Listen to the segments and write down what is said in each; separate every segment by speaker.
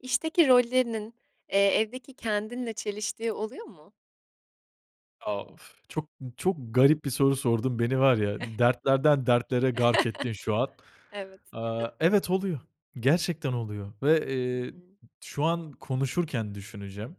Speaker 1: İşteki rollerinin, eee, evdeki kendinle çeliştiği oluyor mu?
Speaker 2: A, of! Çok, çok garip bir soru sordun. Beni var ya, dertlerden dertlere gark ettin şu an.
Speaker 1: Evet.
Speaker 2: Aaa, evet, oluyor, gerçekten oluyor ve,
Speaker 1: Hı
Speaker 2: eee,
Speaker 1: hı.
Speaker 2: şu an konuşurken düşüneceğim.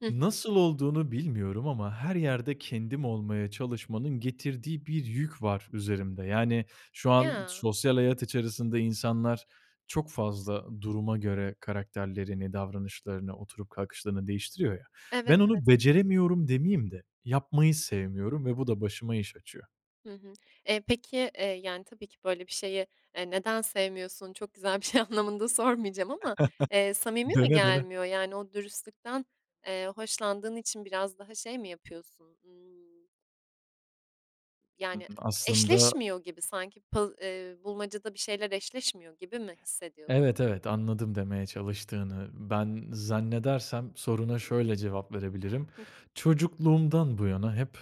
Speaker 1: Hı hı.
Speaker 2: Nasıl olduğunu bilmiyorum ama her yerde kendim olmaya çalışmanın getirdiği bir yük var üzerimde. Yani, şu an
Speaker 1: Ya.
Speaker 2: sosyal hayat içerisinde insanlar çok fazla duruma göre karakterlerini, davranışlarını, oturup kalkışlarını değiştiriyor ya.
Speaker 1: Evet,
Speaker 2: Ben
Speaker 1: evet.
Speaker 2: onu beceremiyorum, demeyeyim de yapmayı sevmiyorum ve bu da başıma iş açıyor.
Speaker 1: Hı hı. Eee, peki, eee, yani, tabii ki böyle bir şeyi, eee, "Neden sevmiyorsun? Çok güzel bir şey" anlamında sormayacağım ama, eee, samimi mi
Speaker 2: Dene, dene.
Speaker 1: gelmiyor? Yani, o dürüstlükten, eee, hoşlandığın için biraz daha şey mi yapıyorsun? Imm
Speaker 2: Hı
Speaker 1: yani,
Speaker 2: hı. Aslında
Speaker 1: eşleşmiyor gibi sanki. Pa eee, bulmacada bir şeyler eşleşmiyor gibi mi hissediyorsun?
Speaker 2: Evet, evet, anladım demeye çalıştığını. Ben zannedersem soruna şöyle cevap verebilirim.
Speaker 1: Hıh.
Speaker 2: Çocukluğumdan bu yana hep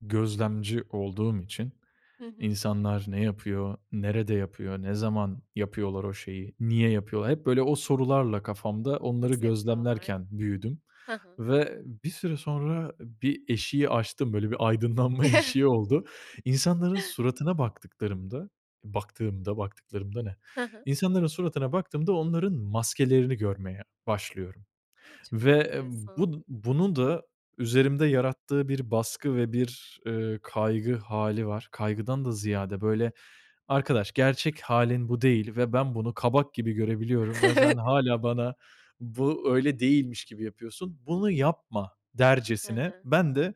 Speaker 2: gözlemci olduğum için,
Speaker 1: Hı hı.
Speaker 2: insanlar ne yapıyor, nerede yapıyor, ne zaman yapıyorlar o şeyi, niye yapıyorlar; hep, böyle, o sorularla kafamda onları
Speaker 1: Nasıl yapıyorlar?
Speaker 2: gözlemlerken büyüdüm
Speaker 1: Hı hı.
Speaker 2: ve bir süre sonra bir eşiği aştım. Böyle bir aydınlanma eşiği oldu. İnsanların suratına baktıklarımda baktığımda, "baktıklarımda" ne?
Speaker 1: Hı hı.
Speaker 2: İnsanların suratına baktığımda onların maskelerini görmeye başlıyorum
Speaker 1: A, çok
Speaker 2: ve
Speaker 1: enteresan.
Speaker 2: bu bunun da üzerimde yarattığı bir baskı ve bir, eee, kaygı hâli var. Kaygıdan da ziyade, böyle, "Arkadaş, gerçek hâlin bu değil ve ben bunu kabak gibi görebiliyorum ve sen
Speaker 1: Evet.
Speaker 2: hâlâ bana bu, öyle değilmiş gibi yapıyorsun, bunu yapma."
Speaker 1: Hı
Speaker 2: dercesine
Speaker 1: hı.
Speaker 2: ben de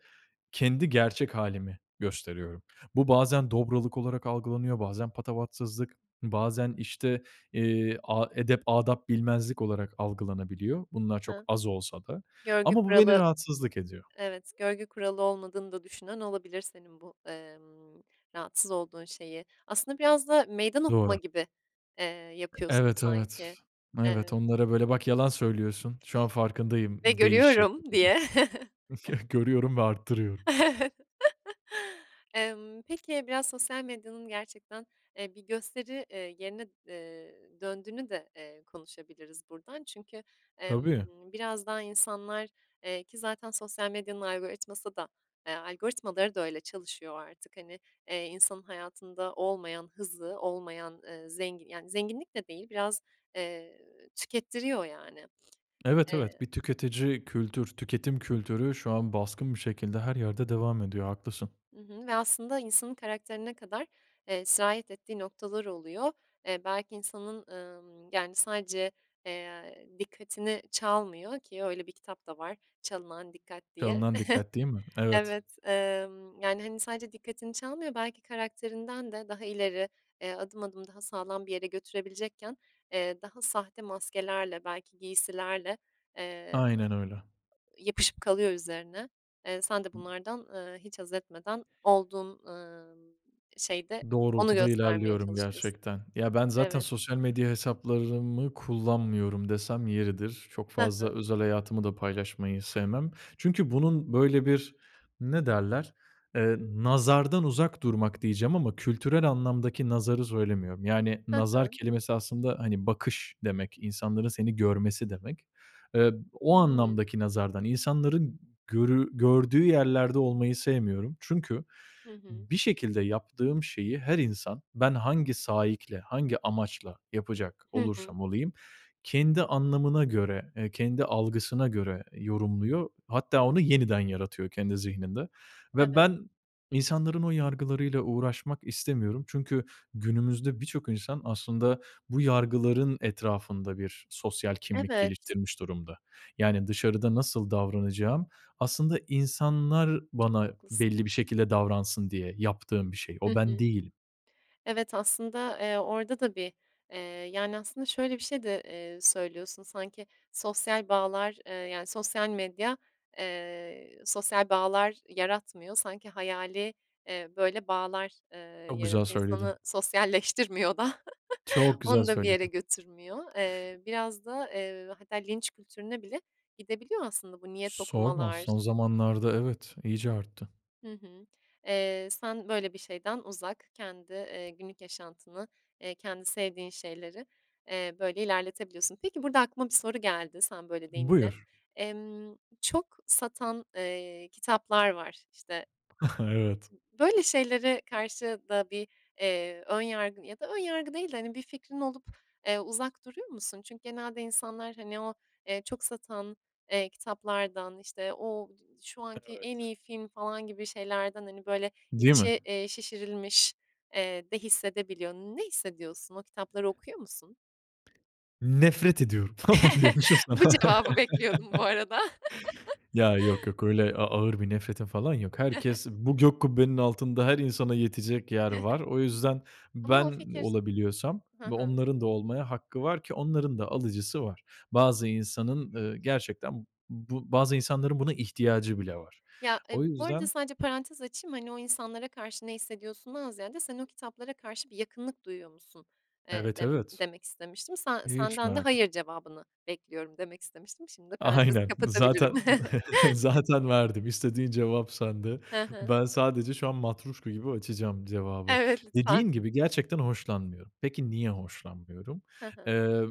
Speaker 2: kendi gerçek hâlimi gösteriyorum. Bu bazen
Speaker 1: Hı hı.
Speaker 2: dobralık olarak algılanıyor, bazen patavatsızlık, bazen işte, eee, a edep adap bilmezlik olarak algılanabiliyor bunlar çok
Speaker 1: Hıı?
Speaker 2: az olsa da.
Speaker 1: Görgü
Speaker 2: Ama bu, beni
Speaker 1: kuralı
Speaker 2: rahatsızlık ediyor.
Speaker 1: Evet, görgü kuralı olmadığını da düşünen olabilir senin bu, emm, rahatsız olduğun şeyi. Aslında biraz da meydan okuma
Speaker 2: Doğru.
Speaker 1: gibi, eee, yapıyorsun
Speaker 2: Evet, evet.
Speaker 1: sanki.
Speaker 2: Evet,
Speaker 1: Emm
Speaker 2: onlara böyle, "Bak, yalan söylüyorsun, şu an farkındayım"
Speaker 1: ve
Speaker 2: deyiş şekli
Speaker 1: görüyorum
Speaker 2: gibi.
Speaker 1: diye.
Speaker 2: Görüyorum ve arttırıyorum.
Speaker 1: Evet. Emm, peki, biraz sosyal medyanın gerçekten, eee, bir gösteri, eee, yerine, eee, döndüğünü de, eee, konuşabiliriz buradan. Çünkü, emm,
Speaker 2: Tabii.
Speaker 1: biraz daha insanlar, eee, ki zaten sosyal medyanın algoritması da, eee, algoritmaları da öyle çalışıyor artık, hani, eee, insanın hayatında olmayan hızı, olmayan, eee, zengi yani, zenginlik de değil biraz, eee, tükettiriyor yani.
Speaker 2: Evet, evet,
Speaker 1: Eee
Speaker 2: bir tüketici kültür, tüketim kültürü şu an baskın bir şekilde her yerde devam ediyor, haklısın.
Speaker 1: Hı hı ve aslında insanın karakterine kadar, eee, sirayet ettiği noktalar oluyor. Eee, belki insanın, emm, yani, sadece, eee, dikkatini çalmıyor ki öyle bir kitap da var "Çalınan Dikkat" diye.
Speaker 2: Çalınan Dikkat, değil mi? Evet.
Speaker 1: Evet, emm, yani, hani, sadece dikkatini çalmıyor, belki karakterinden de daha ileri, eee, adım adım daha sağlam bir yere götürebilecekken, eee, daha sahte maskelerle, belki giysilerle, eee,
Speaker 2: Aynen öyle.
Speaker 1: yapışıp kalıyor üzerine. Eee, sen de bunlardan, eee, hiç haz etmeden olduğun, ımm, şeyde onu
Speaker 2: Doğrultuda
Speaker 1: göstermeye
Speaker 2: ilerliyorum
Speaker 1: çalışıyorsun.
Speaker 2: gerçekten. Ya ben, zaten
Speaker 1: Evet.
Speaker 2: sosyal medya hesaplarımı kullanmıyorum desem yeridir. Çok
Speaker 1: Hı
Speaker 2: fazla
Speaker 1: hı.
Speaker 2: özel hayatımı da paylaşmayı sevmem. Çünkü bunun böyle bir, ne derler? Eee, nazardan uzak durmak diyeceğim ama kültürel anlamdaki nazarı söylemiyorum. Yani,
Speaker 1: Hı
Speaker 2: nazar
Speaker 1: hı.
Speaker 2: kelimesi aslında, hani, bakış demek, insanların seni görmesi demek. Eee, o anlamdaki
Speaker 1: Hımm.
Speaker 2: nazardan insanların görü gördüğü yerlerde olmayı sevmiyorum. Çünkü
Speaker 1: Hı hı.
Speaker 2: bir şekilde yaptığım şeyi her insan ben hangi saikle, hangi amaçla yapacak
Speaker 1: Hı hı.
Speaker 2: olursam olayım kendi anlamına göre, eee, kendi algısına göre yorumluyor. Hatta onu yeniden yaratıyor kendi zihninde ve
Speaker 1: Evet.
Speaker 2: ben, insanların o yargılarıyla uğraşmak istemiyorum. Çünkü günümüzde birçok insan aslında bu yargıların etrafında bir sosyal kimlik
Speaker 1: Evet.
Speaker 2: geliştirmiş durumda. Yani, dışarıda nasıl davranacağım, aslında insanlar
Speaker 1: Çok
Speaker 2: bana
Speaker 1: haklısın.
Speaker 2: belli bir şekilde davransın diye yaptığım bir şey.
Speaker 1: Hı
Speaker 2: O, ben
Speaker 1: hı.
Speaker 2: değilim.
Speaker 1: Evet, aslında, eee, orada da bir, eee, yani, aslında şöyle bir şey de, eee, söylüyorsun sanki sosyal bağlar, eee, yani, sosyal medya, eee, sosyal bağlar yaratmıyor sanki hayali, eee, böyle bağlar, eee,
Speaker 2: Çok güzel
Speaker 1: yaratıyor,
Speaker 2: söyledin.
Speaker 1: insanı sosyalleştirmiyor da.
Speaker 2: Çok güzel
Speaker 1: Onu da bir yere
Speaker 2: söyledin.
Speaker 1: götürmüyor. Eee, biraz da, eee, hatta linç kültürüne bile gidebiliyor aslında bu niyet
Speaker 2: Sorma,
Speaker 1: okumalar.
Speaker 2: son zamanlarda, evet, iyice arttı.
Speaker 1: Hı hı. Eee, sen, böyle, bir şeyden uzak kendi, eee, günlük yaşantını, eee, kendi sevdiğin şeyleri, eee, böyle, ilerletebiliyorsun. Peki burada aklıma bir soru geldi sen böyle deyince.
Speaker 2: Buyur.
Speaker 1: Emm, çok satan, eee, kitaplar var. İşte
Speaker 2: Evet.
Speaker 1: böyle şeylere karşı da bir, eee, ön yargın ya da ön yargı değil de, hani, bir fikrin olup, eee, uzak duruyor musun? Çünkü genelde insanlar, hani, o, eee, çok satan, eee, kitaplardan, işte, o şu anki en
Speaker 2: Evet.
Speaker 1: iyi film falan gibi şeylerden, hani, böyle,
Speaker 2: Değil mi?
Speaker 1: içi, eee, şişirilmiş, eee, de hissedebiliyor. Ne hissediyorsun? O kitapları okuyor musun?
Speaker 2: Nefret ediyorum falan diyormuşum sana.
Speaker 1: Bu cevabı bekliyordum bu arada.
Speaker 2: Ya, yok, yok öyle a ağır bir nefretim falan yok. Herkes bu gök kubbenin altında her insana yetecek yer var. O yüzden
Speaker 1: Ama o
Speaker 2: ben
Speaker 1: fikir s
Speaker 2: olabiliyorsam
Speaker 1: Ha
Speaker 2: ve
Speaker 1: ha.
Speaker 2: onların da olmaya hakkı var ki onların da alıcısı var. Bazı insanın, eee, gerçekten b bu bazı insanların buna
Speaker 1: [unintelligible]
Speaker 2: ihtiyacı bile var.
Speaker 1: Ya, e,
Speaker 2: O
Speaker 1: bu arada
Speaker 2: yüzden
Speaker 1: sadece parantez açayım, hani, o insanlara karşı ne hissediyorsundan ziyade, "Sen o kitaplara karşı bir yakınlık duyuyor musun?" eee,
Speaker 2: Evet,
Speaker 1: dem
Speaker 2: evet.
Speaker 1: demek istemiştim. "Sen
Speaker 2: Hiç
Speaker 1: senden de
Speaker 2: merak et
Speaker 1: 'hayır' cevabını bekliyorum." demek istemiştim. Şimdi de parantezi
Speaker 2: Aynen
Speaker 1: kapatabilirim.
Speaker 2: zaten, zaten verdim. İstediğin cevap sende.
Speaker 1: Hı hı.
Speaker 2: Ben sadece şu an matruşka gibi açacağım cevabı.
Speaker 1: Evet, lütfen.
Speaker 2: Dediğin gibi, gerçekten hoşlanmıyorum. Peki niye hoşlanmıyorum?
Speaker 1: Ha ha.
Speaker 2: Eee,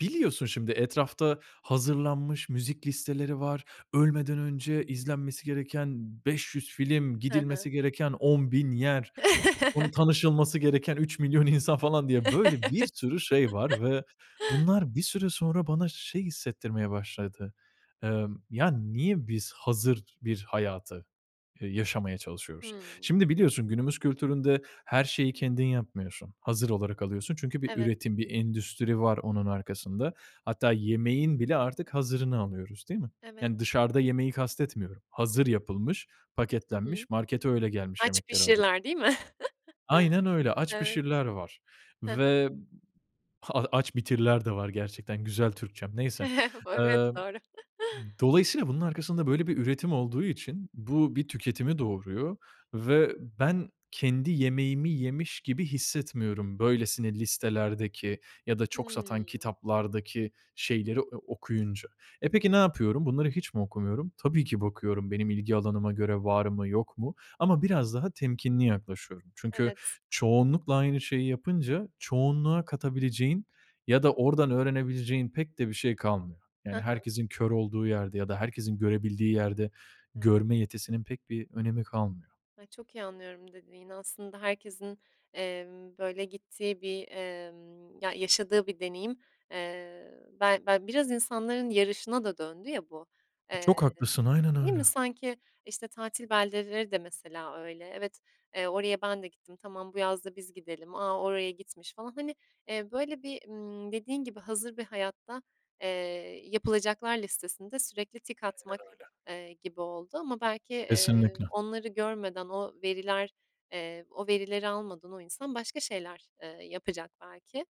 Speaker 2: biliyorsun, şimdi, etrafta hazırlanmış müzik listeleri var, ölmeden önce izlenmesi gereken 500 film,
Speaker 1: Hı hı.
Speaker 2: gidilmesi gereken 10.000 yer, onu
Speaker 1: Evet.
Speaker 2: tanışılması gereken 3.000.000 insan falan diye böyle bir
Speaker 1: Evet.
Speaker 2: sürü şey var ve bunlar bir süre sonra bana şey hissettirmeye başladı. Emm, "Ya, niye biz hazır bir hayatı, eee, yaşamaya çalışıyoruz?"
Speaker 1: Hımm.
Speaker 2: Şimdi, biliyorsun günümüz kültüründe her şeyi kendin yapmıyorsun, hazır olarak alıyorsun çünkü bir
Speaker 1: Evet.
Speaker 2: üretim, bir endüstri var onun arkasında. Hatta yemeğin bile artık hazırını alıyoruz, değil mi?
Speaker 1: Evet.
Speaker 2: Yani, dışarıda yemeği kastetmiyorum, hazır yapılmış,
Speaker 1: Hı hı.
Speaker 2: paketlenmiş, markete öyle gelmiş
Speaker 1: "Aç,
Speaker 2: yemekleri alıyoruz.
Speaker 1: Pişir"ler değil mi?
Speaker 2: Aynen öyle. "Aç,
Speaker 1: Evet.
Speaker 2: Pişir"ler var
Speaker 1: He he.
Speaker 2: ve b ha "Aç, Bitir"ler de var gerçekten. Güzel Türkçem. Neyse,
Speaker 1: Bu, evet,
Speaker 2: emm,
Speaker 1: doğru.
Speaker 2: dolayısıyla bunun arkasında böyle bir üretim olduğu için bu bir tüketimi doğuruyor ve ben kendi yemeğimi yemiş gibi hissetmiyorum böylesine listelerdeki ya da çok satan
Speaker 1: Hımm.
Speaker 2: kitaplardaki şeyleri e o okuyunca. E, peki ne
Speaker 1: [unintelligible]
Speaker 2: yapıyorum? Bunları hiç mi okumuyorum? Tabii ki bakıyorum benim ilgi alanıma göre var mı, yok mu ama biraz daha temkinli yaklaşıyorum. Çünkü
Speaker 1: Evet.
Speaker 2: çoğunlukla aynı şeyi yapınca çoğunluğa katabileceğin ya da oradan öğrenebileceğin pek de bir şey kalmıyor. Yani,
Speaker 1: Ha ha.
Speaker 2: herkesin kör olduğu yerde ya da herkesin görebildiği yerde
Speaker 1: Evet.
Speaker 2: görme yetisinin pek bir önemi kalmıyor.
Speaker 1: Ay, çok iyi anlıyorum dediğini. Aslında herkesin, emm, böyle, gittiği bir, emm, ya, yaşadığı bir deneyim Eee, ben ben biraz insanların yarışına da döndü ya bu,
Speaker 2: E,
Speaker 1: eee,
Speaker 2: çok haklısın, aynen
Speaker 1: değil mi?
Speaker 2: öyle.
Speaker 1: Sanki, işte, tatil beldeleri de mesela öyle. "Evet, eee, oraya ben de gittim. Tamam, bu yaz da biz gidelim. A, oraya gitmiş." falan, hani, eee, böyle, bir, ımm, dediğin gibi, hazır bir hayatta, eee, yapılacaklar listesinde sürekli tik atmak,
Speaker 2: Aynen öyle.
Speaker 1: eee, gibi oldu. Ama belki, eee,
Speaker 2: Kesinlikle.
Speaker 1: onları görmeden, o veriler, eee, o verileri almadan o insan başka şeyler, eee, yapacak belki.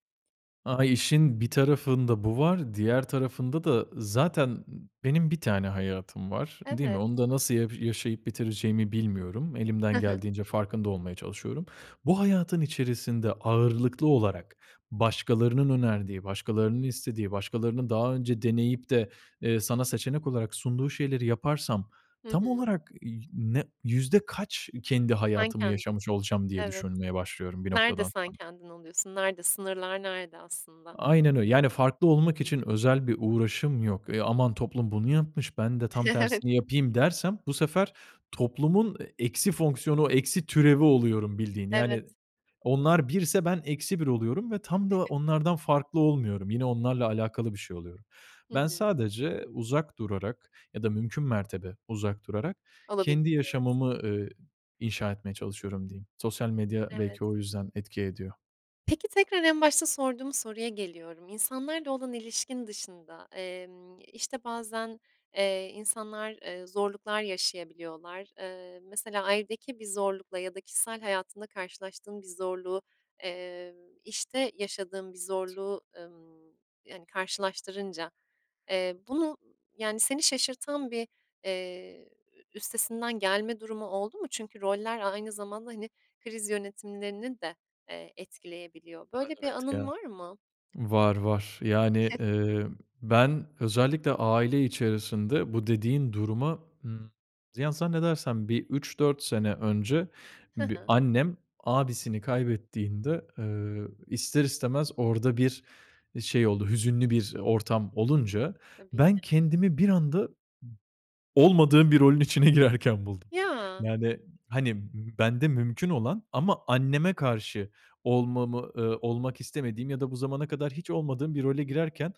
Speaker 2: A, işin bir tarafında bu var, diğer tarafında da zaten, ııı, benim 1 tane hayatım var. Değil mi?
Speaker 1: Evet.
Speaker 2: Onu da nasıl ya yaşayıp bitireceğimi bilmiyorum.
Speaker 1: Hı
Speaker 2: Elimden
Speaker 1: hı.
Speaker 2: geldiğince farkında olmaya çalışıyorum. Bu hayatın içerisinde ağırlıklı olarak başkalarının önerdiği, başkalarının istediği, başkalarının daha önce deneyip de, eee, sana seçenek olarak sunduğu şeyleri yaparsam
Speaker 1: Hı
Speaker 2: tam
Speaker 1: hı.
Speaker 2: olarak [unintelligible] yü ne yüzde kaç kendi
Speaker 1: Sen
Speaker 2: hayatımı
Speaker 1: kendin,
Speaker 2: yaşamış olacağım diye
Speaker 1: evet.
Speaker 2: düşünmeye başlıyorum bir
Speaker 1: Nerede
Speaker 2: noktadan
Speaker 1: sen
Speaker 2: sonra.
Speaker 1: kendin oluyorsun? Nerede? Sınırlar nerede aslında?
Speaker 2: Aynen öyle. Yani, farklı olmak
Speaker 1: Hıı.
Speaker 2: için özel bir uğraşım yok. E, aman toplum bunu yapmış, ben de tam
Speaker 1: Evet.
Speaker 2: tersini yapayım dersem bu sefer toplumun, e, eksi fonksiyonu, eksi türevi oluyorum bildiğin.
Speaker 1: Evet.
Speaker 2: Yani, onlar 1'se ben eksi 1 oluyorum ve tam da onlardan farklı olmuyorum, yine, onlarla alakalı bir şey oluyorum.
Speaker 1: Hı
Speaker 2: Ben
Speaker 1: hı.
Speaker 2: sadece uzak durarak ya da mümkün mertebe uzak durarak kendi
Speaker 1: Olabildiğince evet.
Speaker 2: yaşamımı, eee, inşa etmeye çalışıyorum diyeyim. Sosyal medya
Speaker 1: Evet.
Speaker 2: belki o yüzden etki ediyor.
Speaker 1: Peki, tekrar en başta sorduğum soruya geliyorum. İnsanlarla olan ilişkin dışında, emm, işte, bazen, eee, insanlar, eee, zorluklar yaşayabiliyorlar. Eee, mesela ailedeki bir zorlukla ya da kişisel hayatında karşılaştığın bir zorluğu, eee, işte yaşadığın bir zorluğu, ımm, yani, karşılaştırınca. Eee, bunu, yani, seni şaşırtan bir, eee, üstesinden gelme durumu oldu mu? Çünkü roller aynı zamanda, hani, kriz yönetimlerini de, eee, etkileyebiliyor.
Speaker 2: A,
Speaker 1: Böyle bir
Speaker 2: evet, ya.
Speaker 1: anın var mı?
Speaker 2: Var, var. Yani,
Speaker 1: [unintelligible]
Speaker 2: eee, ben özellikle aile içerisinde bu dediğin duruma, ımm, ya, zannedersem bir 3-4 sene önce
Speaker 1: Hı
Speaker 2: bi
Speaker 1: hı.
Speaker 2: annem abisini kaybettiğinde, eee, ister istemez orada bir şey oldu hüzünlü bir ortam olunca.
Speaker 1: Tabii
Speaker 2: Ben
Speaker 1: ki.
Speaker 2: kendimi bir anda b olmadığım bir rolün içine girerken buldum.
Speaker 1: Ya.
Speaker 2: Yani, hani, bende mümkün olan ama anneme karşı olmamı, eee, olmak istemediğim ya da bu zamana kadar hiç olmadığım bir role girerken,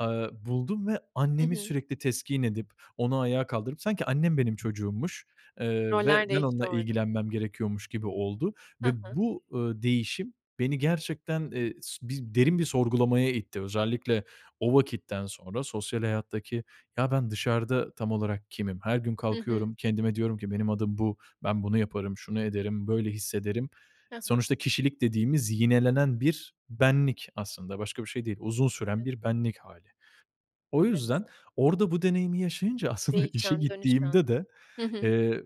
Speaker 2: eee, buldum ve
Speaker 1: Hı
Speaker 2: annemi
Speaker 1: hı.
Speaker 2: sürekli teskin edip onu ayağa kaldırıp sanki annem benim çocuğummuş, eee, ve
Speaker 1: Roller
Speaker 2: ben
Speaker 1: değişti
Speaker 2: onunla
Speaker 1: orada.
Speaker 2: ilgilenmem gerekiyormuş gibi oldu
Speaker 1: Hı
Speaker 2: ve
Speaker 1: hı.
Speaker 2: bu, ııı, değişim beni gerçekten, eee, su bi derin bir sorgulamaya itti. Özellikle o vakitten sonra sosyal hayattaki ya ben dışarıda tam olarak kimim, her gün
Speaker 1: Hı hı.
Speaker 2: kalkıyorum kendime diyorum ki benim adım bu, ben bunu yaparım, şunu ederim, böyle hissederim.
Speaker 1: Hı hı.
Speaker 2: Sonuçta kişilik dediğimiz yinelenen bir benlik aslında başka bir şey değil, uzun süren
Speaker 1: Evet.
Speaker 2: bir benlik hâli. O
Speaker 1: Evet.
Speaker 2: yüzden orada bu deneyimi yaşayınca aslında işe
Speaker 1: Değişen, dönüşen.
Speaker 2: gittiğimde de,
Speaker 1: Hı hı.
Speaker 2: eee,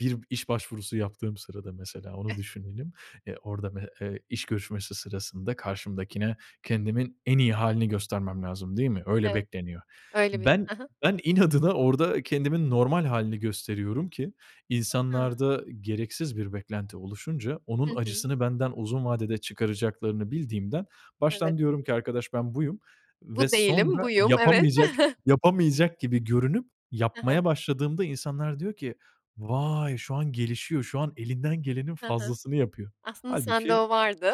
Speaker 2: bir iş başvurusu yaptığım sırada mesela onu
Speaker 1: Eh.
Speaker 2: düşünelim. Eee, orada [unintelligible] eee, iş görüşmesi sırasında karşımdakine kendimin en iyi hâlini göstermem lazım değil mi? Öyle
Speaker 1: Evet.
Speaker 2: bekleniyor.
Speaker 1: Öyle bir,
Speaker 2: Ben
Speaker 1: hı hı.
Speaker 2: ben inadına orada kendimin normal hâlini gösteriyorum ki
Speaker 1: I hı.
Speaker 2: insanlarda gereksiz bir beklenti oluşunca onun
Speaker 1: Hı hı.
Speaker 2: acısını benden uzun vadede çıkaracaklarını bildiğimden
Speaker 1: Evet.
Speaker 2: baştan diyorum ki arkadaş ben buyum ve
Speaker 1: Bu değilim,
Speaker 2: sonra
Speaker 1: buyum, evet.
Speaker 2: yapamayacak yapamayacak gibi görünüp
Speaker 1: Hı hı.
Speaker 2: yapmaya başladığımda insanlar diyor ki vay şu an gelişiyor, şu an elinden gelenin
Speaker 1: Hı hı.
Speaker 2: fazlasını yapıyor.
Speaker 1: Aslında sende
Speaker 2: Hâlbuki,
Speaker 1: o vardı.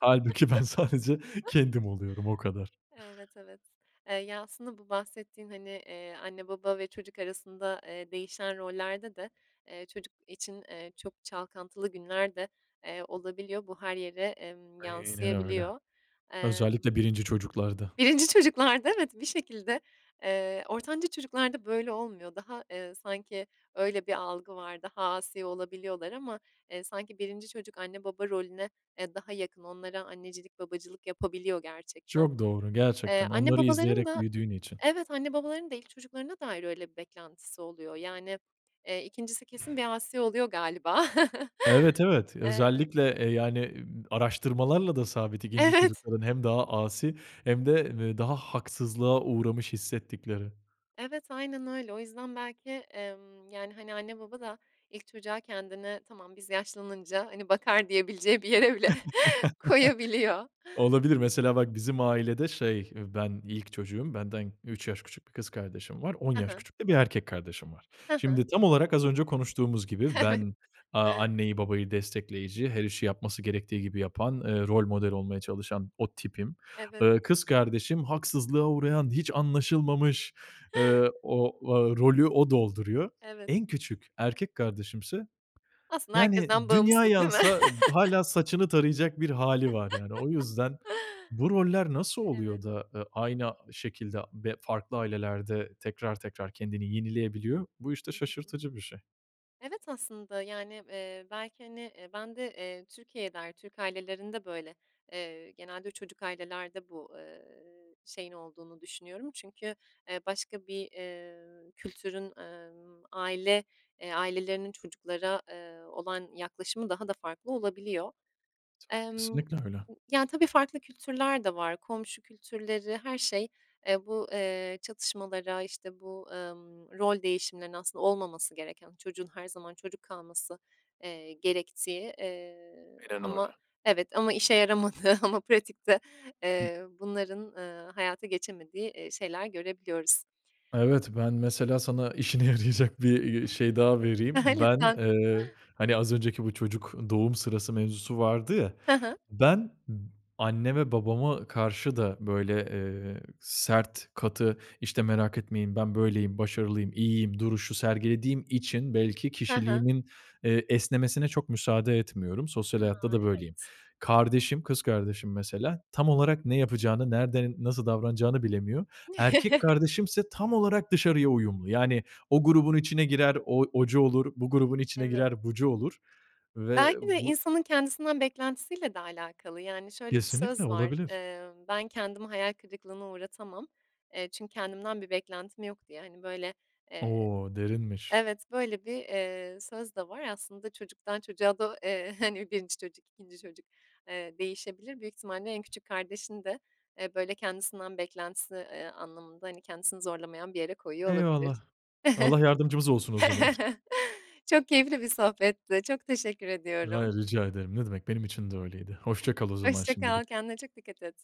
Speaker 2: hâlbuki ben sadece kendim oluyorum o kadar.
Speaker 1: Evet, evet. Eee, ya, aslında bu bahsettiğin, hani, eee, anne baba ve çocuk arasında, eee, değişen rollerde de, eee, çocuk için, eee, çok çalkantılı günler de, eee, olabiliyor. Bu her yere, emm,
Speaker 2: Aynen öyle,
Speaker 1: yansıyabiliyor. Emm
Speaker 2: özellikle 1. çocuklarda.
Speaker 1: 1'nci çocuklarda evet, bir şekilde, eee, ortanca çocuklarda böyle olmuyor. Daha, eee, sanki öyle bir algı var, daha asi olabiliyorlar ama. Eee, sanki 1'nci çocuk anne baba rolüne, eee, daha yakın onlara annecilik babacılık yapabiliyor gerçekten.
Speaker 2: Çok doğru,
Speaker 1: Eee,
Speaker 2: gerçekten
Speaker 1: anne
Speaker 2: onları
Speaker 1: babaların
Speaker 2: izleyerek
Speaker 1: da,
Speaker 2: büyüdüğün için.
Speaker 1: evet anne babaların da ilk çocuklarına dair öyle bir beklentisi oluyor. Yani, eee, 2'ncisi kesin bir asi oluyor galiba.
Speaker 2: Evet, evet
Speaker 1: Eee
Speaker 2: özellikle, eee, yani, ımm, araştırmalarla da sabit 2'nci
Speaker 1: Evet.
Speaker 2: çocukların hem daha asi hem de, eee, daha haksızlığa uğramış hissettikleri.
Speaker 1: Evet, aynen öyle. O yüzden belki, emm, yani, hani, anne baba da ilk çocuğa kendine tamam biz yaşlanınca, hani, bakar diyebileceği bir yere bile
Speaker 2: Eee
Speaker 1: koyabiliyor.
Speaker 2: Olabilir mesela bak bizim ailede, şey, ben ilk çocuğum, benden 3 yaş 1 küçük kız kardeşim var, 10
Speaker 1: Hı
Speaker 2: yaş
Speaker 1: hı.
Speaker 2: küçük de 1 erkek kardeşim var.
Speaker 1: Hı hı.
Speaker 2: Şimdi tam olarak az önce konuştuğumuz gibi
Speaker 1: Evet.
Speaker 2: ben, aaa, anneyi babayı destekleyici, her işi yapması gerektiği gibi yapan, eee, rol model olmaya çalışan o tipim.
Speaker 1: Evet.
Speaker 2: Eee, kız kardeşim haksızlığa uğrayan, hiç anlaşılmamış, eee, ooo, o rolü o dolduruyor.
Speaker 1: Evet.
Speaker 2: En küçük erkek kardeşimse,
Speaker 1: Aslında
Speaker 2: yani,
Speaker 1: herkesten
Speaker 2: dünya
Speaker 1: bağımsız değil mi?
Speaker 2: yansa hâla saçını tarayacak bir hâli, var yani. O yüzden bu roller nasıl
Speaker 1: Evet.
Speaker 2: oluyor da, eee, aynı şekilde be farklı ailelerde tekrar tekrar kendini yenileyebiliyor? Bu
Speaker 1: Hı
Speaker 2: işte
Speaker 1: hı.
Speaker 2: şaşırtıcı bir şey.
Speaker 1: Evet aslında, yani, eee, belki, hani, eee, ben de, eee, Türkiye'de, Türk ailelerinde böyle, eee, genelde çocuk ailelerde bu, eee, şeyin olduğunu düşünüyorum. Çünkü, eee, başka bir, eee, kültürün, ımm, aile, eee, ailelerinin çocuklara, eee, olan yaklaşımı daha da farklı olabiliyor.
Speaker 2: [unintelligible]
Speaker 1: Emm,
Speaker 2: Kesinlikle öyle.
Speaker 1: ya tabii farklı kültürler de var. Komşu kültürleri, her şey, eee, bu, eee, çatışmalara, işte bu, ımm, rol değişimlerinin aslında olmaması gereken, çocuğun her zaman çocuk kalması, eee, gerektiği, eee,
Speaker 2: Aynen
Speaker 1: ama
Speaker 2: öyle.
Speaker 1: evet ama işe yaramadığı ama pratikte, eee, bunların, ııı, hayata geçemediği, eee, şeyler görebiliyoruz.
Speaker 2: Evet, ben mesela sana işine yarayacak bir, eee, şey, daha
Speaker 1: Hı
Speaker 2: vereyim.
Speaker 1: hı.
Speaker 2: Ben,
Speaker 1: Lütfen.
Speaker 2: eee, hani, az önceki bu çocuk doğum sırası mevzusu vardı ya.
Speaker 1: Hı hı.
Speaker 2: Ben b anneme babama karşı da böyle, eee, sert katı işte merak etmeyin ben böyleyim, başarılıyım, iyiyim duruşu sergilediğim için belki
Speaker 1: Hı hı.
Speaker 2: kişiliğimin, eee, esnemesine çok müsaade etmiyorum sosyal hayatta
Speaker 1: Hıı,
Speaker 2: da böyleyim.
Speaker 1: evet.
Speaker 2: Kardeşim, kız kardeşim mesela tam olarak ne yapacağını, nerede, nasıl davranacağını bilemiyor. Erkek kardeşimse tam olarak dışarıya uyumlu. Yani, o grubun içine girer o ocu olur, bu grubun içine
Speaker 1: Evet.
Speaker 2: girer bucu olur ve, ııı,
Speaker 1: Belki de
Speaker 2: bu
Speaker 1: insanın kendisinden beklentisiyle de alakalı. Yani, şöyle bir
Speaker 2: Kesinlikle
Speaker 1: söz var.
Speaker 2: olabilir.
Speaker 1: Eee, ben kendimi hayal kırıklığına uğratamam, eee, çünkü kendimden bir beklentim yok diye, hani, böyle, eee,
Speaker 2: O derinmiş.
Speaker 1: evet böyle bir, eee, söz de var aslında çocuktan çocuğa da, eee, hani 1'nci çocuk, 2'nci çocuk, eee, değişebilir. Büyük ihtimalle en küçük kardeşin de, eee, böyle kendisinden beklentisi, eee, anlamında, hani, kendisini zorlamayan bir yere koyuyor olabilir.
Speaker 2: Eyvallah. Allah yardımcımız olsun o zaman.
Speaker 1: Çok keyifli bir sohbetti. Çok teşekkür ediyorum.
Speaker 2: Hayır rica ederim. Ne demek benim için de öyleydi. Hoşça kal o zaman
Speaker 1: Hoşça kal,
Speaker 2: şimdilik.
Speaker 1: kendine çok dikkat et.